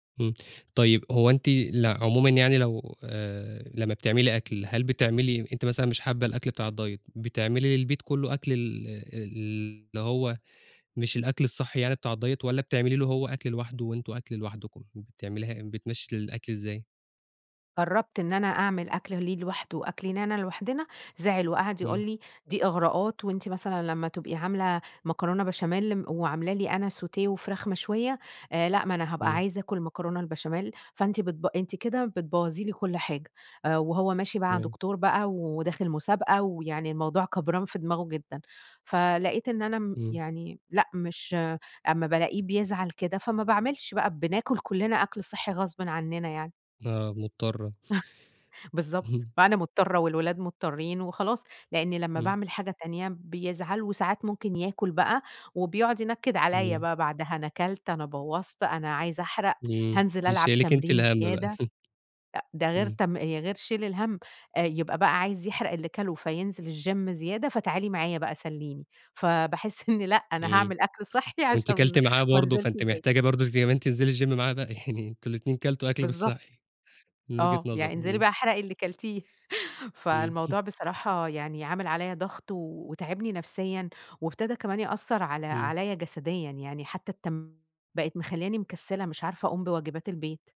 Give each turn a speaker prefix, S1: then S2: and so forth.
S1: إمم، طيب هو أنتِ ل عمومًا يعني لو آآ، لمّا بتعملي أكل، هل بتعملي أنتِ مثلًا مش حابة الأكل بتاع الDiet بتعملي للبيت كله أكل ال ال اللي هو مش الأكل الصحي يعني بتاع الDiet والّا بتعملي له هو أكل لوحده وأنتم أكل لوحدكم، بتعمليها إي بتمشي الأكل إزاي؟
S2: جربت إن أنا أعمل أكل ليه لواحده، وأكل لينا لوحدنا، زعل وقعد يقول
S1: إمم.
S2: لي دي إغراءات وأنتِ مثلًا لما تبقي عاملة مكرونة بشاميل، وعاملة لي أنا Sauté وفراخ مشوية آآ لأ ما أنا هابقى
S1: إمم.
S2: عايزة أكل مكرونة البشاميل، فأنتِ بتب أنتِ كده بتبوظي لي كل حاجة، آآ وهو ماشي مع
S1: تمام.
S2: دكتور بقى وداخل مسابقة، ويعني الموضوع كبران في دماغه جدًا، فلقيت إن أنا ام
S1: إمم.
S2: يعني لأ مش أما بالاقيه بيزعل كده فما باعملش بقى بناكل كلنا أكل صحّي غصبٍ عننا يعني.
S1: آه، مضطرة.
S2: بالضبط
S1: اهم.
S2: فأنا مضطرة والولاد مضطرين وخلاص، لأني لمّا
S1: إمم.
S2: باعمل حاجة تانية بيزعل، وساعات ممكن ياكل بقى، وبيقعد ينكد عليّا
S1: إمم.
S2: بقى بعدها، أنا كلت أنا بوظت أنا عايز أحرق،
S1: امم.
S2: هانزل ألعب
S1: بيشيِّلِك أنتِ
S2: تمرين
S1: الهم بقى.
S2: زيادة، ده غير
S1: إمم.
S2: تـم آآ غير شيل الهم، آآ يبقى بقى عايز يحرق اللي كله، فينزل الGym زيادة فتعالي معايا بقى سلِّيني فباحس إني لأ أنا
S1: إمم،
S2: هاعمل أكل صحّي
S1: وأنتِ
S2: عشان
S1: كلتِ معاه
S2: ما
S1: برضه،
S2: أنزلش
S1: فأنتِ
S2: الGym.
S1: محتاجة برضه زي ما أنتِ انزلي الGym معاه بقى يعني أنتم الاتنين كلتوا أكل مش
S2: بالضبط.
S1: صحّي، من وجهة
S2: آه
S1: نظره،
S2: يعني انزلي
S1: إمم.
S2: بقى احرقي اللي كلتيه
S1: امم.
S2: فالموضوع بصراحة يعني عامل عليّا ضغط وتاعبني نفسيًا، وابتدى كمان يأثّر على
S1: إمم.
S2: عليّا جسديًا يعني حتى التم بقت مخلياني مكسلة مش عارفة أقوم بواجبات البيت.